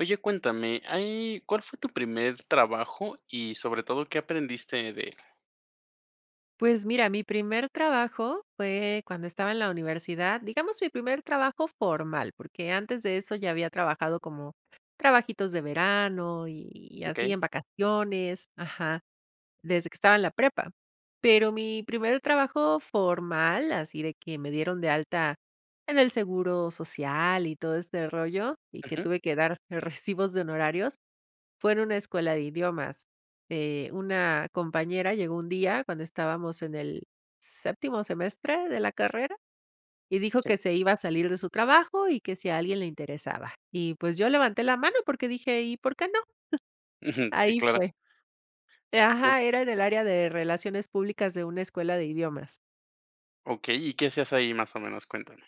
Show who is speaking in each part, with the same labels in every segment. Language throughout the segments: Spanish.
Speaker 1: Oye, cuéntame, ¿hay cuál fue tu primer trabajo y sobre todo, qué aprendiste de él?
Speaker 2: Pues mira, mi primer trabajo fue cuando estaba en la universidad, digamos mi primer trabajo formal, porque antes de eso ya había trabajado como, trabajitos de verano y así
Speaker 1: Okey.
Speaker 2: en vacaciones ajá, desde que estaba en la prepa. Pero mi primer trabajo formal, así de que me dieron de alta en el seguro social y todo este rollo y que
Speaker 1: Ujú.
Speaker 2: tuve que dar, eh, recibos de honorarios. Fue en una escuela de idiomas, eh, una compañera llegó un día cuando estábamos en el séptimo semestre de la carrera y dijo:
Speaker 1: Sí.
Speaker 2: "Que se iba a salir de su trabajo y que si a alguien le interesaba", y pues yo levanté la mano porque dije: "¿Y por qué no?
Speaker 1: Ujú. Sí,
Speaker 2: Ahí
Speaker 1: claro.
Speaker 2: fue. Eh,
Speaker 1: Uh.
Speaker 2: ajá, era en el área de relaciones públicas de una escuela de idiomas.
Speaker 1: Okey, ¿y qué se hace ahí más o menos? Cuéntame.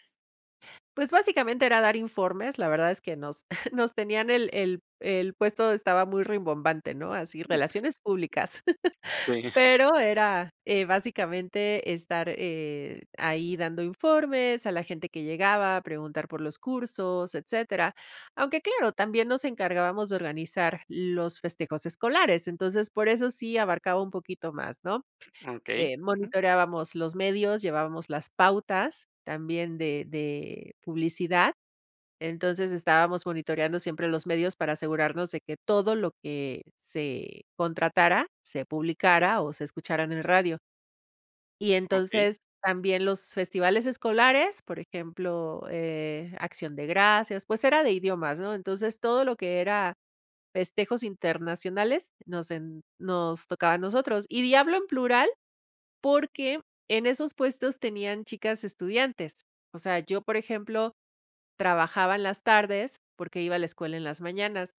Speaker 2: Pues básicamente era dar informes. La verdad es que nos nos tenían el el el puesto estaba muy rimbombante, ¿no? Así
Speaker 1: Ujú.
Speaker 2: relaciones públicas,
Speaker 1: Sí.
Speaker 2: pero era: "Eh, básicamente estar, eh, ahí dando informes a la gente que llegaba a preguntar por los cursos, etcétera". Aunque claro, también nos encargábamos de organizar los festejos escolares. Entonces por eso sí abarcaba un poquito más, ¿no?
Speaker 1: Okey,
Speaker 2: Eh:
Speaker 1: ujú.
Speaker 2: "Monitoreábamos los medios, llevábamos las pautas también de de publicidad" Entonces estábamos monitoreando siempre los medios para asegurarnos de que todo lo que se contratara se publicara o se escuchara en el radio. Y
Speaker 1: Okey.
Speaker 2: entonces también los festivales escolares, por ejemplo, eh, Acción de Gracias, pues era de idiomas, ¿no? Entonces todo lo que era festejos internacionales nos en nos tocaba a nosotros, y di hablo en plural, porque en esos puestos tenían chicas estudiantes. O sea, yo, por ejemplo, trabajaba en las tardes porque iba a la escuela en las mañanas,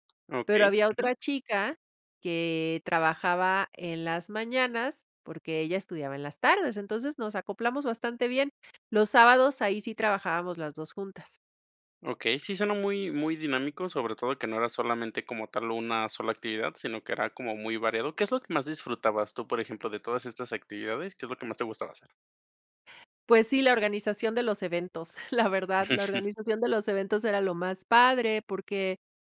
Speaker 2: pero
Speaker 1: Okey,
Speaker 2: había
Speaker 1: ujú.
Speaker 2: otra chica que trabajaba en las mañanas porque ella estudiaba en las tardes. Entonces nos acoplamos bastante bien, los sábados, ahí sí trabajábamos las dos juntas.
Speaker 1: Okey, sí, suena muy muy dinámico, sobre todo que no era solamente como tal una sola actividad, sino que era como muy variado. ¿Qué es lo que más disfrutabas tú? Por ejemplo, de todas estas actividades, ¿qué es lo que más te gustaba hacer?
Speaker 2: Pues sí, la organización de los eventos, la verdad, la organización de los eventos era lo más padre porque,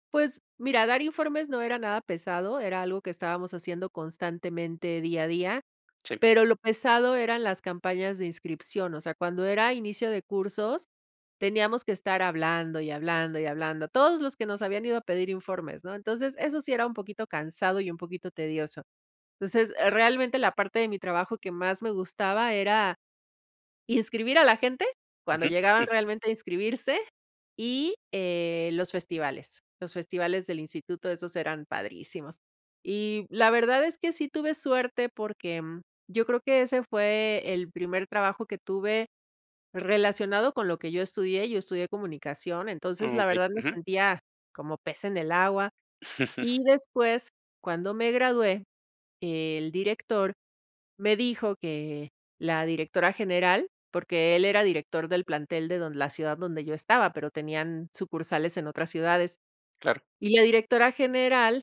Speaker 2: pues, mira, dar informes no era nada pesado, era algo que estábamos haciendo constantemente, día a día,
Speaker 1: Sí.
Speaker 2: pero lo pesado eran las campañas de inscripción, o sea, cuando era inicio de cursos, teníamos que estar hablando y hablando y hablando. Todos los que nos habían ido a pedir informes, ¿no? Entonces, eso sí era un poquito cansado y un poquito tedioso. Entonces, realmente la parte de mi trabajo que más me gustaba era inscribir a la gente cuando
Speaker 1: Ujú.
Speaker 2: llegaban realmente a inscribirse y, eh, los festivales, los festivales del instituto, esos eran padrísimos, y la verdad es que sí tuve suerte porque, mm, yo creo que ese fue el primer trabajo que tuve relacionado con lo que yo estudié, yo estudié comunicación. Entonces,
Speaker 1: Ah,
Speaker 2: la
Speaker 1: okey.
Speaker 2: verdad, me
Speaker 1: Ujú.
Speaker 2: sentía como pez en el agua. Y después, cuando me gradué, el director me dijo que la directora general porque él era director del plantel de don la ciudad donde yo estaba, pero tenían sucursales en otras ciudades
Speaker 1: Claro.
Speaker 2: y la directora general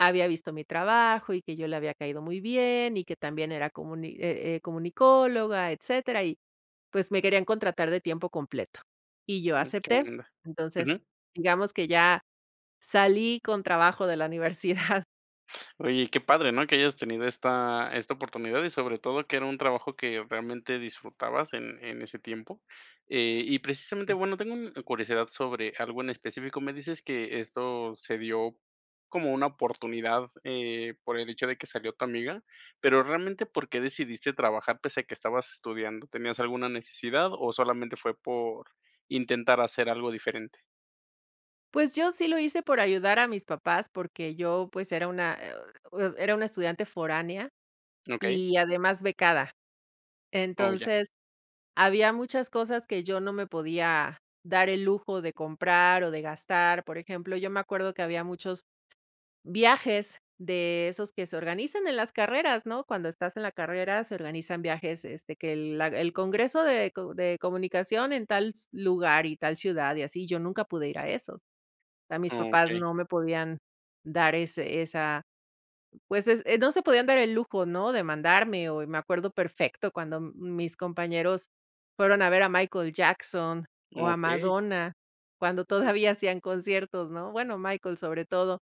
Speaker 2: había visto mi trabajo y que yo le había caído muy bien y que también era comuni eh, eh, comunicóloga, etcétera. Y, pues me querían contratar de tiempo completo y yo
Speaker 1: Mm, qué
Speaker 2: acepté.
Speaker 1: buena onda.
Speaker 2: Entonces,
Speaker 1: Ujú.
Speaker 2: digamos que ya salí con trabajo de la universidad.
Speaker 1: Oye, qué padre, ¿no? Que hayas tenido esta esta oportunidad y sobre todo, que era un trabajo que realmente disfrutabas en en ese tiempo. Eh, y precisamente
Speaker 2: Ujú.
Speaker 1: bueno, tengo curiosidad sobre algo en específico. Me dices que esto se dio como una oportunidad, eh, por el hecho de que salió tu amiga. Pero realmente, ¿por qué decidiste trabajar pese a que estabas estudiando? ¿Tenías alguna necesidad o solamente fue por intentar hacer algo diferente?
Speaker 2: Pues, yo sí lo hice por ayudar a mis papás, porque yo pues era una, eh, era una estudiante foránea
Speaker 1: Okey.
Speaker 2: y además becada.
Speaker 1: Oh, ya.
Speaker 2: Entonces había muchas cosas que yo no me podía dar el lujo de comprar o de gastar, por ejemplo, yo me acuerdo que había muchos viajes de esos que se organizan en las carreras, ¿no? Cuando estás en la carrera se organizan viajes, este, que el, la el Congreso de co de comunicación en tal lugar, y tal ciudad, y así yo nunca pude ir a esos. A mis papás
Speaker 1: Okey.
Speaker 2: no me podían dar ese esa, pues, ese, no se, podían dar el lujo, ¿no? De mandarme o me acuerdo perfecto, cuando mis compañeros fueron a ver a Michael Jackson o a
Speaker 1: Okey.
Speaker 2: Madonna cuando
Speaker 1: Uh.
Speaker 2: todavía hacían conciertos, ¿no? Bueno, Michael, sobre todo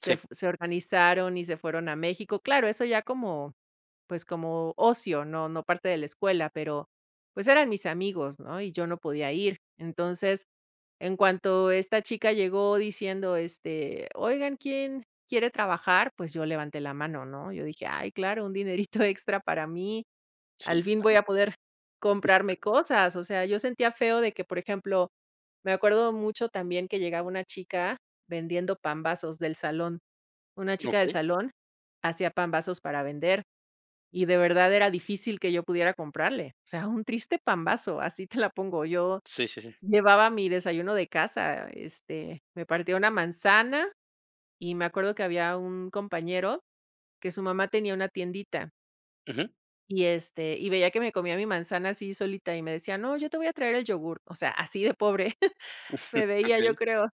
Speaker 2: se
Speaker 1: Sí.
Speaker 2: fu se organizaron y se fueron a México. Claro, eso ya como pues, como ocio no no parte de la escuela, pero pues, eran mis amigos, ¿no? Y yo no podía ir entonces, en cuanto esta chica llegó diciendo este oigan, ¿quién quiere trabajar? Pues, yo levanté la mano, ¿no? Yo dije ay, claro, un dinerito extra para mí.
Speaker 1: Sí,
Speaker 2: Al fin voy
Speaker 1: claro.
Speaker 2: a poder
Speaker 1: Ujú.
Speaker 2: comprarme cosas, o sea, yo sentía feo de que, por ejemplo, me acuerdo mucho también que llegaba una chica vendiendo pambazos del salón. Una chica del
Speaker 1: Okey.
Speaker 2: salón hacía pambazos para vender y de verdad era difícil que yo pudiera comprarle, o sea, un triste pambazo. Así te la pongo yo
Speaker 1: Sí, sí, sí.
Speaker 2: llevaba mi desayuno de casa. Este, me partía una manzana y me acuerdo que había un compañero que su mamá tenía una tiendita.
Speaker 1: Ujú.
Speaker 2: Y, este, y veía que me comía mi manzana así solita y me decía: "No, yo te voy a traer el yogurt". O sea, así de pobre me veía, yo
Speaker 1: Okey.
Speaker 2: creo.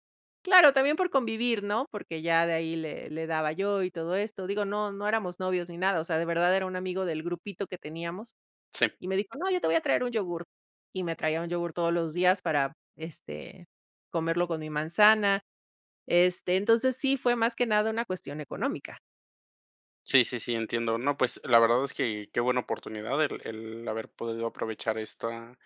Speaker 2: Claro, también por convivir, ¿no?, porque ya de ahí le le daba yo, y todo esto, digo, no no éramos novios ni nada. O sea, de verdad era un amigo del grupito que teníamos
Speaker 1: Sí.
Speaker 2: y me dijo: "No, yo te voy a traer un yogurt". Y me traía un yogurt todos los días para, este, comerlo con mi manzana. Este, entonces sí fue más que nada una cuestión económica.
Speaker 1: Sí, sí, sí, entiendo. No, pues, la verdad es que qué buena oportunidad el el haber podido aprovechar esta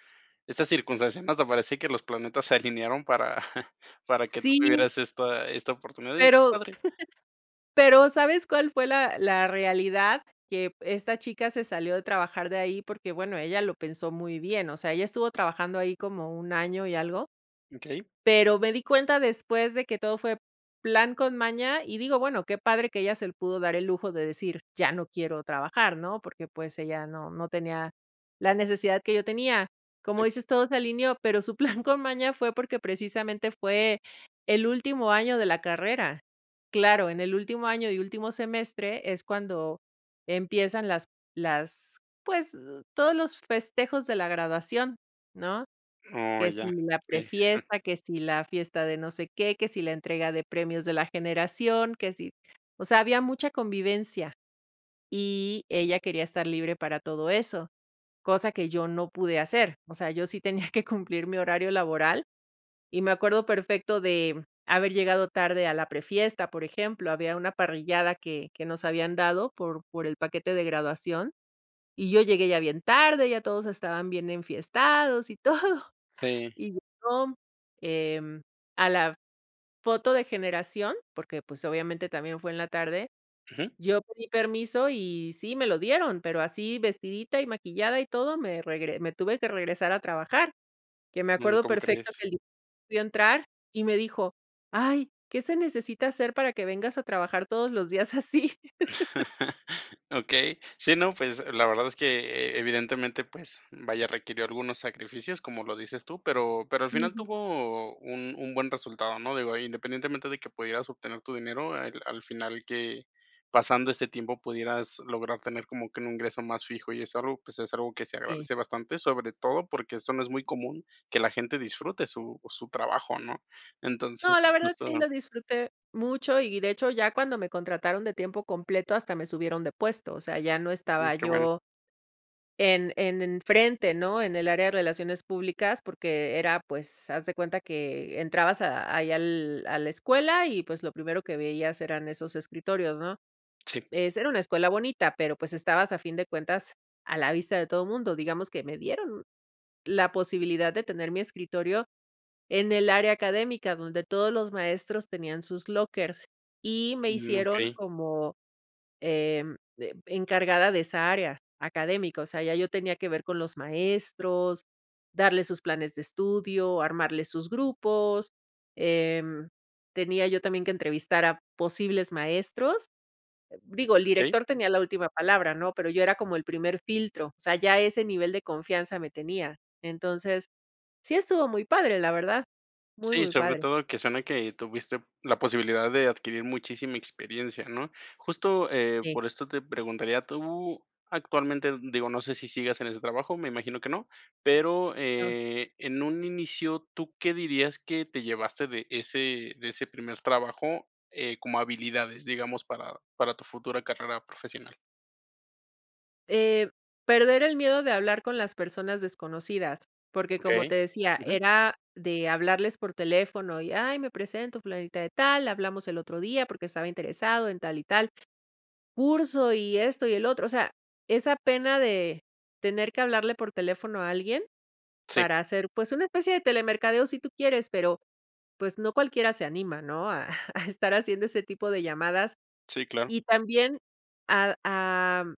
Speaker 1: esta circunstancia, ¿no? Hasta parece que los planetas se alinearon para para que tú
Speaker 2: Sí.
Speaker 1: tuvieras esta esta oportunidad. Y qué
Speaker 2: Pero
Speaker 1: padre.
Speaker 2: pero, ¿sabes cuál fue la la realidad?, que esta chica se salió de trabajar de ahí porque, bueno, ella lo pensó muy bien. O sea, ella estuvo trabajando ahí como 1, año y algo.
Speaker 1: Okey.
Speaker 2: Pero me di cuenta después de que todo fue plan con maña, y digo, bueno, qué padre que ella se pudo dar el lujo de decir: "Ya no quiero trabajar ¿no?", porque pues, ella no no tenía la necesidad que yo tenía, como
Speaker 1: Sí.
Speaker 2: dices todo se alineó, pero su plan con maña fue porque precisamente, fue el último año de la carrera. Claro, en el último año y último semestre es cuando empiezan las las pues, todos los festejos de la graduación, ¿no?,
Speaker 1: Oh,
Speaker 2: que
Speaker 1: ya,
Speaker 2: si la
Speaker 1: sí.
Speaker 2: pre-fiesta, que si la fiesta de no sé qué, que si la entrega de premios de la generación, que si, o sea, había mucha convivencia y ella quería estar libre para todo eso, cosa que yo no pude hacer. O sea, yo sí tenía que cumplir mi horario laboral, y me acuerdo perfecto de haber llegado tarde a la pre-fiesta, por ejemplo, había una parrillada que que nos habían dado por por el paquete de graduación y yo llegué ya bien tarde, ya todos estaban bien enfiestados y todo.
Speaker 1: Sí.
Speaker 2: Y yo, em, a la foto de generación, porque pues, obviamente también fue en la tarde,
Speaker 1: Ujú.
Speaker 2: yo pedí permiso y sí me lo dieron, pero así vestidita y maquillada y todo me regre me tuve que regresar a trabajar, que me
Speaker 1: Mm,
Speaker 2: acuerdo
Speaker 1: ¿cómo
Speaker 2: perfecto
Speaker 1: crees?
Speaker 2: que li vio entrar y me dijo: "Ay, ¿qué se necesita hacer para que vengas a trabajar todos los días así?"
Speaker 1: Okey, sí, no, pues, la verdad es que e evidentemente, pues, vaya, requirió algunos sacrificios como lo dices tú, pero pero al final
Speaker 2: Ujú.
Speaker 1: tuvo un un buen resultado, ¿no? Digo, independientemente de que pudieras obtener tu dinero, al al final que pasando este tiempo pudieras lograr tener como que un ingreso más fijo y es algo, pues, es algo que se
Speaker 2: Sí.
Speaker 1: agradece bastante, sobre todo porque eso no es muy común, que la gente disfrute su su trabajo, ¿no? Entonces,
Speaker 2: No, la verdad,
Speaker 1: justo
Speaker 2: sí, lo disfruté mucho y de hecho, ya cuando me contrataron de tiempo completo hasta me subieron de puesto, o sea, ya no
Speaker 1: Ujú,
Speaker 2: estaba
Speaker 1: qué bueno.
Speaker 2: yo en en en frente, ¿no?, en el área de relaciones públicas, porque era, pues, haz de cuenta que entrabas a ahí al a la escuela y pues, lo primero que veías eran esos escritorios, ¿no?
Speaker 1: Sí.
Speaker 2: Es era una escuela bonita, pero pues, estabas a fin de cuentas a la vista de todo mundo. Digamos que me dieron la posibilidad de tener mi escritorio en el área académica, donde todos los maestros tenían sus lockers y me
Speaker 1: Mm,
Speaker 2: hicieron
Speaker 1: okey.
Speaker 2: como, em, eh, encargada de esa área académico, o sea, ya yo tenía que ver con los maestros, darles sus planes de estudio, armarle sus grupos, em, tenía yo también que entrevistar a posibles maestros. Digo, el
Speaker 1: Okey.
Speaker 2: director tenía la última palabra ¿no?, pero yo era como el primer filtro. O sea, ya ese nivel de confianza me tenía, entonces, sí estuvo muy padre, la verdad, muy,
Speaker 1: Sí,
Speaker 2: muy
Speaker 1: sobre
Speaker 2: padre.
Speaker 1: todo que suena que tuviste la posibilidad de adquirir muchísima experiencia, ¿no? Justo, eh,
Speaker 2: Sí.
Speaker 1: por esto te preguntaría, tú actualmente, digo, no sé, si sigas en ese trabajo, me imagino que no, pero,
Speaker 2: No.
Speaker 1: eh, en un inicio, ¿tú qué dirías que te llevaste de ese de ese primer trabajo, eh, como habilidades, digamos, para para tu futura carrera profesional?
Speaker 2: Eh, perder el miedo de hablar con las personas desconocidas, porque como te
Speaker 1: Okey,
Speaker 2: decía,
Speaker 1: ujú.
Speaker 2: era de hablarles por teléfono y: "Ay, me presento Fulanita de tal, hablamos el otro día porque estaba interesado, en tal y tal curso y esto y el otro", o sea, esa pena de tener que hablarle por teléfono a alguien
Speaker 1: Sí.
Speaker 2: para hacer pues una especie de telemercadeo sí tú quieres, pero pues no cualquiera se anima, ¿no?, a a estar haciendo ese tipo de llamadas
Speaker 1: Sí, claro.
Speaker 2: y también a am,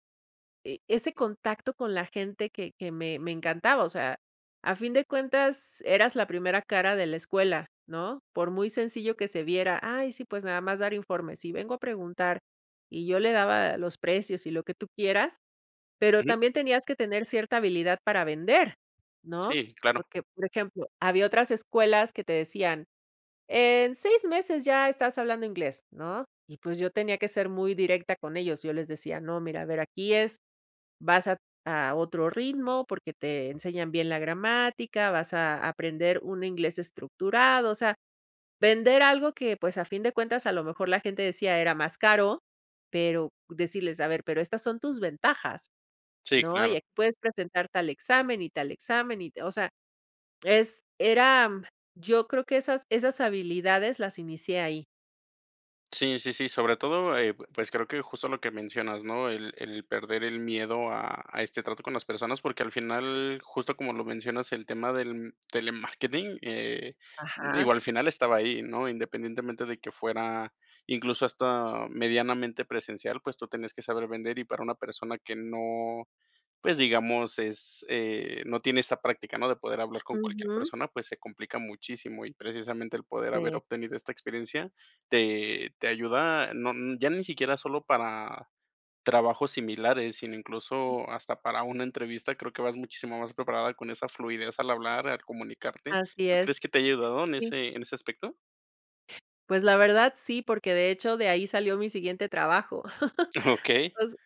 Speaker 2: e ese contacto con la gente que que me me encantaba, o sea, a fin de cuentas, eras la primera cara de la escuela, ¿no? Por muy sencillo que se viera: "Ay, sí, pues nada más dar informes y vengo a preguntar", y yo le daba los precios y lo que tú quieras. Pero
Speaker 1: Ujú.
Speaker 2: también tenías que tener cierta habilidad para vender, ¿no?
Speaker 1: Sí, claro.
Speaker 2: Porque, por ejemplo, había otras escuelas que te decían: "En seis meses ya estás hablando inglés", ¿no? Y pues yo tenía que ser muy directa con ellos. Yo les decía: "No, mira, a ver, aquí es, vas a a otro ritmo porque te enseñan bien la gramática, vas a a aprender un inglés estructurado". O sea, vender algo que pues, a fin de cuentas, a lo mejor la gente decía era más caro, pero decirles a ver, pero estas son tus ventajas,
Speaker 1: Sí,
Speaker 2: ¿no?
Speaker 1: claro.
Speaker 2: Y aquí puedes presentar tal examen y tal examen y te o sea, es, era, yo creo que esas esas habilidades las inicié ahí.
Speaker 1: Sí, sí, sí, sobre todo, eh pues creo que justo lo que mencionas, ¿no?, el el perder el miedo a a este trato con las personas, porque al final, justo como lo mencionas, el tema del telemarketing, eh,
Speaker 2: Ajá.
Speaker 1: digo, al final estaba ahí, ¿no?, independientemente de que fuera incluso hasta medianamente presencial, pues tú tenías que saber vender y para una persona que no, pues digamos, es, eh, no tiene esa práctica, ¿no?, de poder hablar con cualquier
Speaker 2: Ujú.
Speaker 1: persona, pues se complica muchísimo y precisamente el poder haber
Speaker 2: Sí.
Speaker 1: obtenido esta experiencia. Te te ayuda, no, ya ni siquiera solo para trabajos similares, sino incluso hasta para una entrevista creo que vas muchísimo más preparada con esa fluidez al hablar al comunicarte.
Speaker 2: Así
Speaker 1: ¿Tú
Speaker 2: es,
Speaker 1: crees que te haya ayudado en
Speaker 2: sí.
Speaker 1: ese en ese aspecto?
Speaker 2: Pues la verdad, sí, porque de hecho, de ahí salió mi siguiente trabajo.
Speaker 1: Okey.
Speaker 2: O s s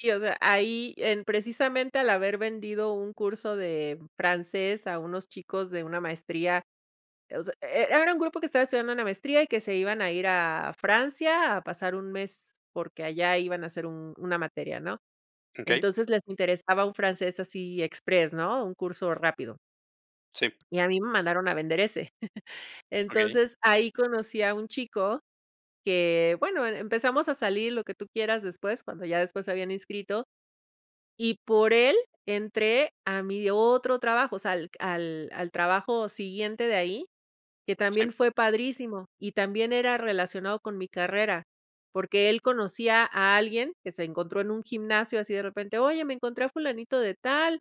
Speaker 2: sí, o sea, ahí en precisamente al haber vendido un curso de francés a unos chicos de una maestría. O sea, e era un grupo que estaba estudiando una maestría y que se iban a ir a Francia a pasar un mes porque allá iban a hacer un una materia, ¿no?,
Speaker 1: Okey.
Speaker 2: entonces les interesaba un francés así express, ¿no?, un curso rápido.
Speaker 1: Sí.
Speaker 2: Y a mí me mandaron a vender ese,
Speaker 1: Okey.
Speaker 2: entonces ahí conocí a un chico que bueno, e empezamos a salir lo que tú quieras después, cuando ya después se habían inscrito. Y por él entré a mi otro trabajo. o sea, al q al al trabajo siguiente de ahí, que también
Speaker 1: Sí.
Speaker 2: fue padrísimo, y también era relacionado con mi carrera porque él conocía a alguien que se encontró en un gimnasio así de repente, "oye, me encontré a fulanito de tal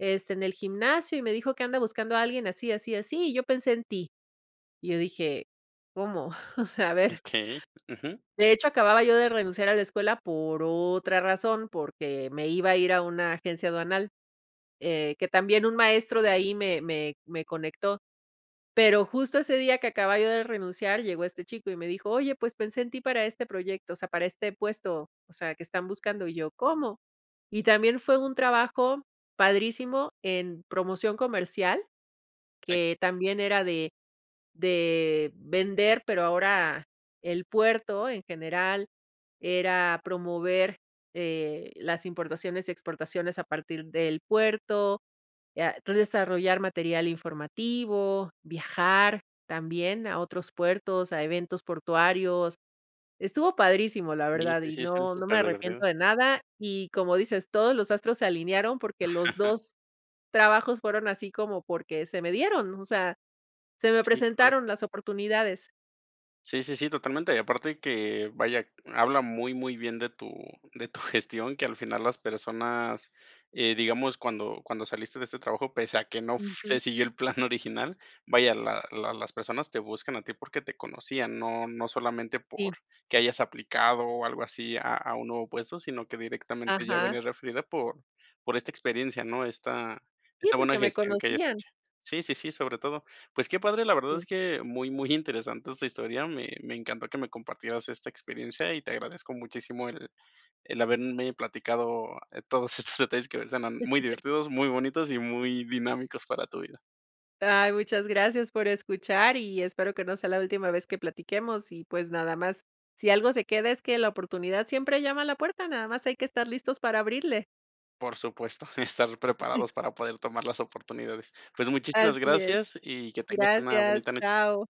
Speaker 2: este en el gimnasio y me dijo que anda buscando a alguien así, así, así y yo pensé en ti", y yo dije, ¿cómo?, o sea, a ver.
Speaker 1: Okey, ujú.
Speaker 2: De hecho, acababa yo de renunciar a la escuela por otra razón, porque me iba a ir a una agencia aduanal, eh, que también un maestro de ahí me me me conectó. Pero justo ese día que acababa yo de renunciar llegó este chico y me dijo: "Oye, pues pensé en ti para este proyecto, o sea, para este puesto, o sea que están buscando", y yo, ¿cómo? Y también fue un trabajo padrísimo en promoción comercial,
Speaker 1: Sí.
Speaker 2: que también era de de vender pero ahora el puerto en general era promover, eh, las importaciones y exportaciones a partir del puerto, ah, entonces desarrollar material informativo, viajar también a otros puertos a eventos portuarios. Estuvo padrísimo, la
Speaker 1: Sí
Speaker 2: verdad
Speaker 1: que
Speaker 2: y
Speaker 1: sí son
Speaker 2: no, no me
Speaker 1: súper de verdad.
Speaker 2: arrepiento de nada, y como dices, todos los astros se alinearon porque los dos trabajos fueron así como porque se me dieron, o sea, se me
Speaker 1: Sí, qué padre.
Speaker 2: presentaron las oportunidades.
Speaker 1: Sí, sí, sí, totalmente. y aparte que vaya, habla muy, muy bien de tu de tu gestión que al final las personas eh digamos cuando cuando saliste de este trabajo, pese a que no f
Speaker 2: Ujú.
Speaker 1: se siguió el plan original, vaya, la la las personas te buscan a ti porque te conocían, no no solamente por
Speaker 2: Sí.
Speaker 1: que hayas aplicado o algo así a a un nuevo puesto, sino que directamente ya
Speaker 2: Ajá.
Speaker 1: vienes referida por por esta experiencia, ¿no?, esta
Speaker 2: Sí,
Speaker 1: esta buena
Speaker 2: porque me
Speaker 1: gestión que hayas
Speaker 2: conocían.
Speaker 1: hecho. Sí, sí, sí, sobre todo, pues que padre, la verdad
Speaker 2: Sí.
Speaker 1: es que muy, muy interesante esta historia, me me encantó que me compartieras esta experiencia y te agradezco muchísimo el el haberme platicado todos estos detalles que suenan muy divertidos, muy bonitos y muy dinámicos para tu vida.
Speaker 2: Ay, muchas gracias por escuchar y espero que no sea la última vez que platiquemos y pues nada más. Si algo se queda es que la oportunidad siempre llama a la puerta, nada más hay que estar listos para abrirle.
Speaker 1: Por supuesto, estar preparados para poder tomar las oportunidades. Pues muchísimas
Speaker 2: Así es.
Speaker 1: gracias y que tengas una
Speaker 2: Gracias,
Speaker 1: bonita noche.
Speaker 2: chao.